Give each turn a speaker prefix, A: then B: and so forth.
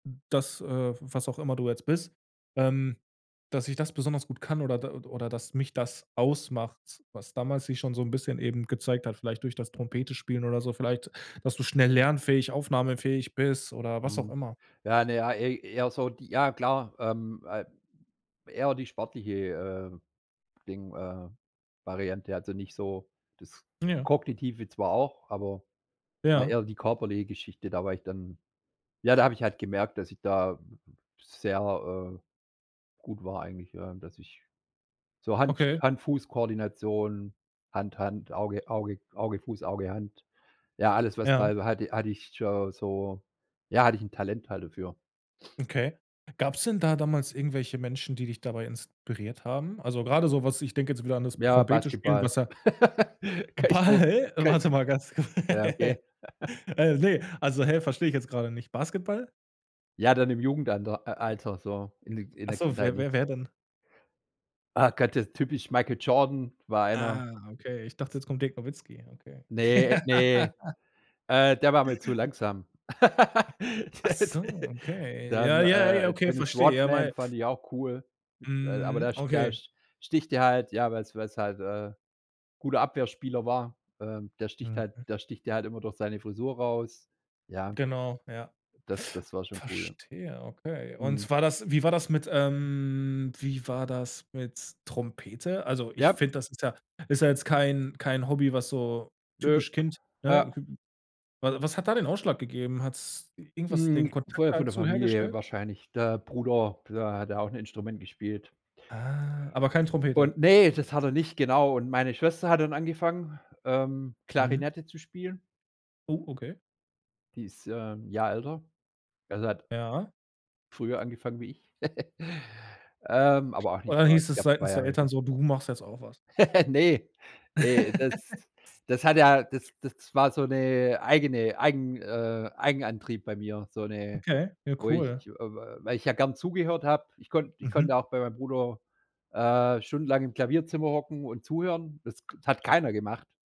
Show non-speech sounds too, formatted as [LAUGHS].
A: Das, äh, was auch immer du jetzt bist, ähm, dass ich das besonders gut kann oder d oder dass mich das ausmacht, was damals sich schon so 'n bisschen eben gezeigt hat, vielleicht durch das Trompete spielen oder so, vielleicht, dass du schnell lernfähig, aufnahmefähig bist oder was auch
B: Mhm.
A: immer.
B: Ja, ne. Ja, ey eher so die ja klar, ähm äh eher die sportliche, äh, Ding äh, Variante. Also, nicht so das
A: Ja.
B: Kognitive zwar auch, aber war
A: Ja.
B: eher die körperliche Geschichte. Da war ich dann ja, da habe ich halt gemerkt, dass ich da sehr, äh, gut war eigentlich, ja, dass ich so Hand
A: Okay.
B: Hand-Fuß-Koordination, Hand-Hand, Auge Auge Auge-Fuß, Auge-Hand ja, alles, was da
A: Ja.
B: hal hatte ich schon so ja, hatte ich 'n Talent halt dafür.
A: Okay. Gab's denn da damals irgendwelche Menschen, die dich dabei inspiriert haben? Also, grade so was ich denk jetzt wieder an das
B: Ja,
A: Trompete spielen,
B: Basketball.
A: was ja
B: [GIGGLES] Kann ich so
A: Ball?
B: Kann
A: Warte mal ganz ku
B: ja, okay.
A: [LAUGHS]
B: [GIGGLES]
A: äh, ne. Also, häh, versteh ich jetzt grade nicht. Basketball?
B: Ja, dann im Jugendander äh, Alter. So, in in
A: Ach
B: der
A: so,
B: Kindheit
A: wer
B: nicht.
A: wer wer denn?
B: Ah Gott, das ist typisch Michael Jordan. War einer
A: Ah, okay. Ich dachte, jetzt kommt Dirk Nowitzki, okay.
B: Ne, ne.
A: [LAUGHS]
B: Äh, der war mir zu langsam. [LAUGHS]
A: Ach
B: Der
A: so,
B: de
A: okay.
B: dann,
A: Ja, ja, ja,
B: äh,
A: okay,
B: Dennis
A: verstehe. Ja,
B: Rodman
A: mei
B: fand ich auch cool, aber
A: Mhm.
B: der der
A: Okay.
B: sch sticht dir halt ja, weil's weil's halt, äh, 'n guter Abwehrspieler war. Ähm, der sticht halt
A: Mhm.
B: der sticht dir halt immer durch seine Frisur raus, ja
A: Genau, ja.
B: Das das war schon cool, ja.
A: Verstehe, okay. Und
B: Mhm.
A: war das wie war das mit, ähm wie war das mit Trompete? Also, ich
B: Ja.
A: find, das ist ja ist ja jetzt kein kein Hobby, was so
B: Nö.
A: typisch Kind,
B: Ja.
A: ne? Wa was hat da den Ausschlag gegeben? Hat's irgendwas den
B: Mhm.
A: Kontakt
B: Früher von der
A: dazu
B: Familie
A: hergestellt?
B: wahrscheinlich. Der Bruder, der hat auch 'n Instrument gespielt.
A: Ah. Aber kein Trompete?
B: Und Ne, das hat er nicht, genau. Und meine Schwester hat dann angefangen, ähm,
A: Mhm.
B: Klarinette zu spielen.
A: Oh. Okay.
B: Die ist, ähm, 'n Jahr älter. Also hat
A: Ja.
B: früher angefangen wie ich. [GIGGLES] Ähm, aber auch
A: Und
B: nicht
A: dann
B: mehr,
A: hieß
B: ich
A: es
B: glaube, 2
A: seitens der
B: Jahre
A: Eltern
B: so.
A: so: „Du machst jetzt auch was”.
B: [LAUGHS] Ne. Ne, das
A: [LAUGHS]
B: das hat ja das das war so 'ne eigene eigen äh, Eigenantrieb bei mir, so 'ne
A: Okay, ja
B: wo ich,
A: cool.
B: äh, weil ich ja gern zugehört hab. Ich konnte ich konnte
A: Mhm.
B: ja auch bei meinem Bruder, äh, stundenlang im Klavierzimmer hocken und zuhören. Das hat keiner gemacht.